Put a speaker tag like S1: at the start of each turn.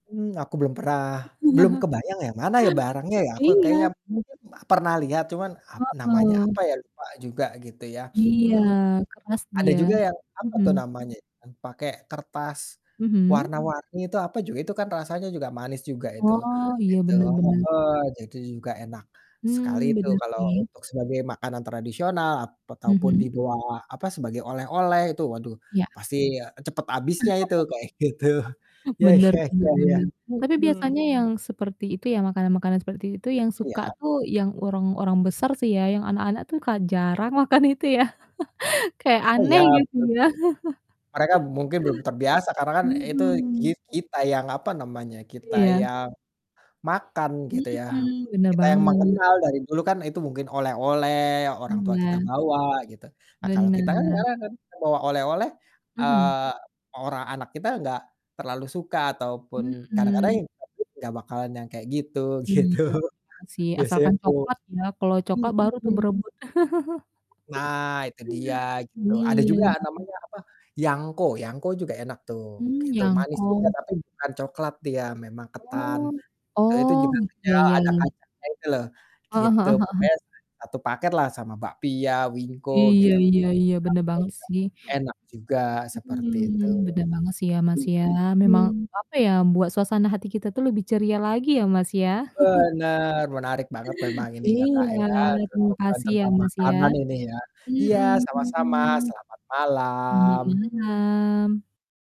S1: Mmm, aku belum perah, belum kebayang yang mana ya barangnya ya? Aku kayaknya
S2: Iya.
S1: mungkin pernah lihat, cuman ap namanya
S2: Heeh.
S1: apa ya? Lupa juga gitu ya.
S2: Iya,
S1: Mmm,
S2: keras
S1: ada
S2: dia.
S1: juga yang apa tuh
S2: Mhm.
S1: namanya, yang pakai kertas,
S2: Mhm.
S1: warna-warni itu apa juga, itu kan rasanya juga manis juga itu,
S2: Oh, iya
S1: gitu,
S2: bener bener.
S1: heeh, jadi juga enak sekali
S2: Hmm,
S1: itu
S2: bener
S1: kalau
S2: sih.
S1: untuk sebagai makanan tradisional, ap ataupun
S2: Mhm.
S1: dibawa apa, sebagai oleh-oleh itu. Waduh
S2: Ya.
S1: pasti ,eee, cepat habisnya itu, kayak gitu. Ya
S2: Bener
S1: ya
S2: bener
S1: ya ya,
S2: bener. Tapi
S1: mhm.
S2: biasanya yang seperti itu ya, makanan-makanan seperti itu yang
S1: Iya.
S2: suka tuh yang orang-orang besar sih ya, yang anak-anak tuh ka jarang makan itu ya. Kayak
S1: Oh iya,
S2: aneh gitu
S1: betul.
S2: ya.
S1: Mereka mungkin belum terbiasa karena kan itu
S2: Mhm.
S1: kit kita yang, apa namanya, kita
S2: Iya.
S1: yang makan gitu ya.
S2: Mhm, bener
S1: Kita yang
S2: banget.
S1: mengenal, dari dulu kan itu mungkin oleh-oleh, orang tua kita
S2: Iya.
S1: bawa, gitu. Nah, kalau kita kan
S2: Bener.
S1: ngarang kan, bawa oleh-oleh,
S2: Mhm.
S1: eee, mau ora anak kita nggak terlalu suka, ataupun kadang-kadang
S2: Mhm.
S1: [unintelligible] nggak bakalan yang kayak gitu, gitu.
S2: Iya, mhm, sih,
S1: Biasanya
S2: asalkan
S1: ku
S2: coklat ya. Kalau coklat baru tuh
S1: mhm.
S2: berebut.
S1: Nah, itu dia, gitu. Ada juga
S2: Iya.
S1: namanya, apa, yangko. Yangko juga enak tuh,
S2: Hmm,
S1: gitu. Manis juga
S2: yangko.
S1: tapi bukan coklat dia, memang ketan.
S2: Oh.
S1: Eee, itu
S2: Oh,
S1: juga
S2: ya
S1: pecel,
S2: ya
S1: ada
S2: ya.
S1: kacangnya itu loh.
S2: Heeh heeh
S1: Gitu,
S2: heeh.
S1: pokoknya satu paketlah sama bakpia, wingko
S2: Iya
S1: gitu, enak
S2: iya iya. Bener banget sih.
S1: juga. Enak juga, seperti itu.
S2: Mmm, bener banget sih ya Mas ya. Memang,
S1: Mhm.
S2: apa ya, buat suasana hati kita tuh lebih ceria lagi ya Mas ya.
S1: Benar! Menarik banget memang ini ya Kak
S2: Iya,
S1: ya,
S2: terima
S1: obrol-obrolan
S2: kasih, ya
S1: tentang
S2: Mas ya.
S1: makanan ini ya. Iya, sama-sama,
S2: Mhm.
S1: selamat
S2: Selamat
S1: malam.
S2: malam.